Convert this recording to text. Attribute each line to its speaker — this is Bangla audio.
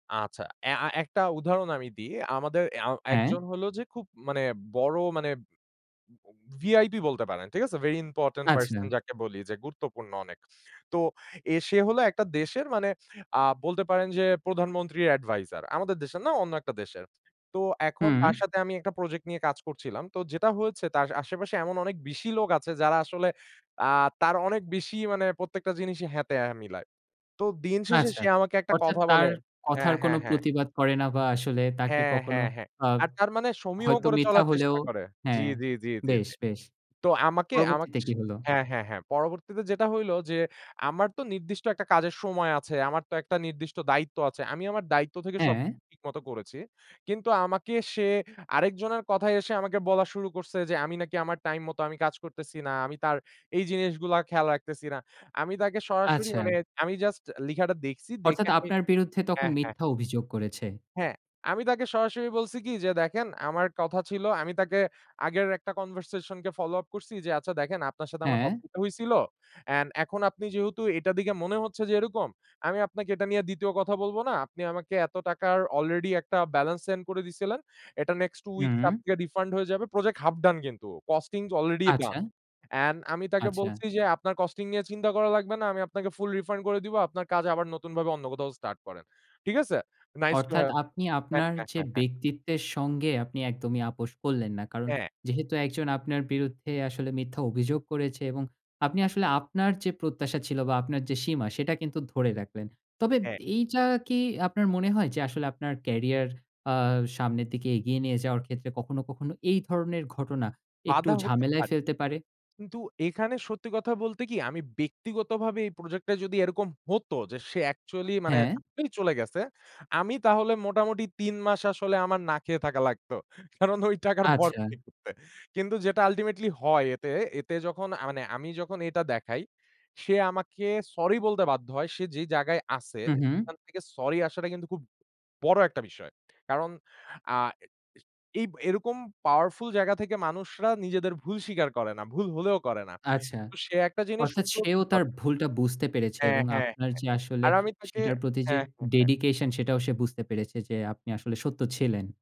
Speaker 1: আচ্ছা অ্যা আ একটা উদাহরণ আমি দিই। আমাদের অ্যা
Speaker 2: হ্যাঁ?
Speaker 1: একজন হলো যে খুব মানে বড় মানে উম বম VIP বলতে পারেন, ঠিক আছে? Very important person
Speaker 2: আচ্ছা।
Speaker 1: যাকে বলি যে গুরুত্বপূর্ণ অনেক। তো এ সে হলো একটা দেশের মানে আ বলতে পারেন যে প্রধানমন্ত্রীর advisor। আমাদের দেশের না অন্য একটা দেশের। তো এখন
Speaker 2: হুম।
Speaker 1: তার সাথে আমি একটা project নিয়ে কাজ করছিলাম। তো যেটা হয়েছে তার আশেপাশে এমন অনেক বেশি লোক আছে যারা আসলে আ তার অনেক বেশি মানে প্রত্যেকটা জিনিসই হ্যাঁ, তে হ্যাঁ, মিলায়। তো দিন শেষে
Speaker 2: আচ্ছা।
Speaker 1: সে আমাকে একটা
Speaker 2: অর্থাৎ
Speaker 1: কথা
Speaker 2: তার
Speaker 1: বলে
Speaker 2: কথার
Speaker 1: হ্যাঁ,
Speaker 2: কোনো
Speaker 1: হ্যাঁ, হ্যাঁ।
Speaker 2: প্রতিবাদ করে না বা আসলে তাকে
Speaker 1: হ্যাঁ,
Speaker 2: কখনো
Speaker 1: হ্যাঁ, হ্যাঁ।
Speaker 2: আ
Speaker 1: আর তার মানে সমীহ
Speaker 2: হয়তো
Speaker 1: করে
Speaker 2: মিথ্যা
Speaker 1: চলার
Speaker 2: হলেও
Speaker 1: চেষ্টা করে। জি,
Speaker 2: হ্যাঁ
Speaker 1: জি, জি, জি,
Speaker 2: বেশ,
Speaker 1: জি।
Speaker 2: বেশ!
Speaker 1: তো আমাকে আমা
Speaker 2: পরবর্তীতে
Speaker 1: স
Speaker 2: কি হলো?
Speaker 1: হ্যাঁ, হ্যাঁ, হ্যাঁ। পরবর্তীতে যেটা হইলো যে আমার তো নির্দিষ্ট একটা কাজের সময় আছে, আমার তো একটা নির্দিষ্ট দায়িত্ব আছে। আমি আমার দায়িত্ব থেকে সব
Speaker 2: হ্যাঁ।
Speaker 1: ঠিক মতো করেছি। কিন্তু আমাকে সে আরেকজনের কথায় এসে আমাকে বলা শুরু করছে যে, আমি নাকি আমার time মতো আমি কাজ করতেছি না। আমি তার এই জিনিসগুলা খেয়াল রাখতেছি না। আমি তাকে সরাসরি
Speaker 2: আচ্ছা।
Speaker 1: মানে আমি just লিখাটা দেখছি দেখে
Speaker 2: অর্থাৎ
Speaker 1: আমি
Speaker 2: আপনার বিরুদ্ধে তখন
Speaker 1: হ্যাঁ, হ্যাঁ।
Speaker 2: মিথ্যা অভিযোগ করেছে।
Speaker 1: হ্যাঁ, আমি তাকে সরাসরি বলছি কি যে, "দেখেন আমার কথা ছিল" আমি তাকে আগের একটা conversation কে follow up করছি যে, "আচ্ছা দেখেন আপনার সাথে আমার ক
Speaker 2: হ্যাঁ?
Speaker 1: উ হইছিল। An এখন আপনি যেহেতু এটার দিকে মনে হচ্ছে যে এরকম। আমি আপনাকে এটা নিয়ে ২য় কথা বলবো না। আপনি আমাকে এত টাকার already একটা balance send করে দিছিলেন। এটা nexst 2 weeks
Speaker 2: হুম।
Speaker 1: [unintelligible] refund হয়ে যাবে।" Project half done কিন্তু costings already done
Speaker 2: আচ্ছা।
Speaker 1: an আমি তাকে
Speaker 2: আচ্ছা।
Speaker 1: বলছি যে, "আপনার costing নিয়ে চিন্তা করা লাগবে না। আমি আপনাকে full refund করে দিব। আপনার কাজ আবার নতুনভাবে অন্য কোথাও start করেন।" ঠিক আছে? Nice to
Speaker 2: অর্থাৎ
Speaker 1: have
Speaker 2: আপনি
Speaker 1: হ্যাঁ,
Speaker 2: আপনার
Speaker 1: হ্যাঁ,
Speaker 2: যে
Speaker 1: হ্যাঁ, হ্যাঁ।
Speaker 2: ব্যক্তিত্বের সঙ্গে আপনি একদমই আপস করলেন না। কারণ
Speaker 1: হ্যাঁ।
Speaker 2: যেহেতু একজন আপনার বিরুদ্ধে আসলে মিথ্যা অভিযোগ করেছে এবং আপনি আসলে আপনার যে প্রত্যাশা ছিল বা আপনার যে সীমা, সেটা কিন্তু ধরে রাখলেন। তবে
Speaker 1: হ্যাঁ।
Speaker 2: এইযা কি আপনার মনে হয় যে আসলে আপনার career আ সামনের দিকে এগিয়ে নিয়ে যাওয়ার ক্ষেত্রে কখনো, কখনো এই ধরনের ঘটনা একটু
Speaker 1: বাধা হতে পা
Speaker 2: ঝামেলায় ফেলতে পারে?
Speaker 1: কিন্তু এখানে সত্যি কথা বলতে কি আমি ব্যক্তিগতভাবে এই project টায় যদি এরকম হতো যে সে actually মানে
Speaker 2: হ্যাঁ?
Speaker 1: মি চলে গেছে, আমি তাহলে মোটামুটি ৩ মাস আসলে আমার না খেয়ে থাকা লাগতো। কারণ ওই টাকার ভর [unintelligible]
Speaker 2: আচ্ছা।
Speaker 1: করতে। কিন্তু যেটা ultimately হয় এতে, এতে যখন আ মানে আমি যখন এটা দেখাই, সে আমাকে sorry বলতে বাধ্য হয়। সে যে জায়গায় আছে
Speaker 2: হুম, হুম।
Speaker 1: খান থেকে sorry আসাটা কিন্তু খুব বড় একটা বিষয়। কারণ আ এ এ এইব এরকম powerful জায়গা থেকে মানুষরা নিজেদের ভুল স্বীকার করে না। ভুল হলেও করে না।
Speaker 2: আচ্ছা।
Speaker 1: তো সে একটা জিনিস
Speaker 2: অর্থাৎ সেও
Speaker 1: [unintelligible]
Speaker 2: তার ভুলটা বুঝতে পেরেছে
Speaker 1: হ্যাঁ,
Speaker 2: এবং
Speaker 1: হ্যাঁ,
Speaker 2: আপনার
Speaker 1: হ্যাঁ
Speaker 2: যে আসলে
Speaker 1: আর আমি তাকে
Speaker 2: সেটার প্রতি যে
Speaker 1: হ্যাঁ, হ্যাঁ, হ্যাঁ।
Speaker 2: dedication সেটাও সে বুঝতে পেরেছে যে আপনি আসলে সত্য ছিলেন।